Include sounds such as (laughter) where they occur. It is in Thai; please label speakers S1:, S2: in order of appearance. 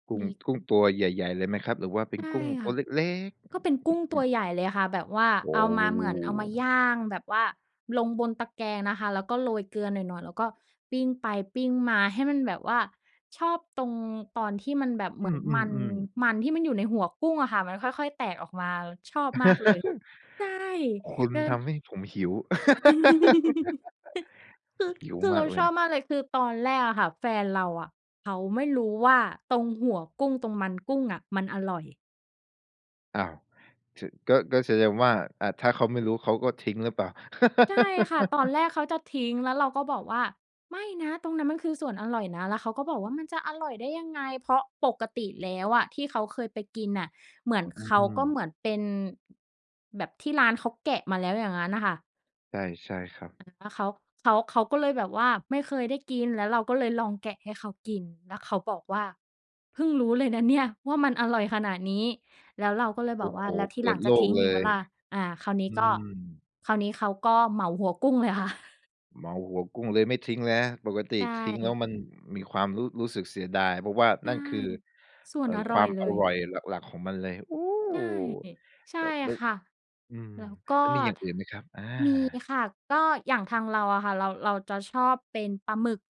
S1: กุ
S2: ม
S1: ้ง
S2: ี
S1: กุ้งตัวใหญ่ ๆ เลยไหมครับ? หรือว่าเป็
S2: ใช
S1: น
S2: ่
S1: กุ้ง
S2: ค
S1: ต
S2: ่
S1: ั
S2: ะ
S1: วเล็กเล็ก อ
S2: ก็เป็นกุ้ง
S1: อ
S2: ต
S1: ื
S2: ัว
S1: ม
S2: ใหญ่เลยค่ะ แบบว่า
S1: โอ
S2: เอ
S1: ้
S2: ามาเหมือนเอามาย่างแบบว่าลงบนตะแกรงนะคะ แล้วก็โรยเกลือหน่อย ๆ แล้วก็ปิ้งไปปิ้งมา ให้มันแบบว่า ชอบตรง ตอนที่มันแบบเห
S1: อ
S2: มื
S1: ื
S2: อนมัน
S1: อ ๆ ๆ
S2: มันที่มันอยู่ในหัวกุ้งอะค่ะ มันค่อย ๆ แตกออกมา ชอบมากเลย ใช่
S1: (laughs) คุณ
S2: เก้อ
S1: ทำให้ผมหิว
S2: (giggles) คือ
S1: (laughs) หิว
S2: คือ
S1: ม
S2: เร
S1: า
S2: า
S1: กเล
S2: ช
S1: ย
S2: อบมากเลย คือตอนแรกอะค่ะ แฟนเราอะเขาไม่รู้ว่าตรงหัวกุ้ง ตรงมันกุ้งอะมันอร่อย
S1: อ้าว! ถือ ก็ ก็แสดงว่า อา ถ้าเขาไม่รู้เขาก็ทิ้งหรือเปล่า?
S2: ใช่ค่ะ ตอน
S1: (laughs)
S2: แรกเขาจะทิ้ง แล้วเราก็บอกว่า "ไม่นะ ตรงนั้นมันคือส่วนอร่อยนะ" แล้วเขาก็บอกว่า "มันจะอร่อยได้ยังไง?" เพราะปกติแล้วอะที่เขาเคยไปกินน่ะ เหมือน
S1: อื
S2: เขาก็
S1: ม
S2: เหมือนเป็น แบบที่ร้านเขาแกะมาแล้วอย่างงั้นน่ะค่ะ
S1: ใช่ ใช่ครับ
S2: อา แล้วเขา เขา เขาก็เลยแบบว่าไม่เคยได้กิน แล้วเราก็เลยลองแกะให้เขากิน แล้วเขาบอกว่า "เพิ่งรู้เลยนะเนี่ยว่ามันอร่อยขนาดนี้" แล้วเราก็เลย
S1: โ
S2: บ
S1: อ
S2: อ
S1: ้
S2: ก
S1: โ
S2: ว
S1: ฮ!
S2: ่า "แล้วที
S1: เป
S2: หล
S1: ิ
S2: ั
S1: ด
S2: งจ
S1: โล
S2: ะท
S1: ก
S2: ิ้ง
S1: เล
S2: อีกไหม
S1: ย
S2: ล่ะ?" อา คราวนี
S1: อ
S2: ้
S1: ื
S2: ก็
S1: ม
S2: คราวนี้เขาก็เหมาหัวกุ้งเลยค่ะ (chuckles)
S1: เหมาหัวกุ้งเลย ไม่ทิ้งแล้ว ปกติ
S2: ใช
S1: ทิ้งแล้ว
S2: ่
S1: มันมีความรู้ รู้สึกเสียดาย เพราะว่า
S2: ใช
S1: น
S2: ่
S1: ั่นคือ
S2: ส่
S1: เ
S2: ว
S1: อ
S2: น
S1: ่
S2: อ
S1: อ ค
S2: ร่
S1: ว
S2: อ
S1: า
S2: ย
S1: ม
S2: เล
S1: อ
S2: ย
S1: ร่อยหลัก ๆ ของมันเลย โอ้!
S2: ใช่ ใช่
S1: แล้ว แล้ว
S2: ค่ะ
S1: อืม
S2: แล้วก็
S1: แล้วมีอย่างอื่นไหมครับ? อา
S2: มีค่ะ ก็อย่างทางเราอะค่ะ เรา เราจะชอบเป็นปลาหมึก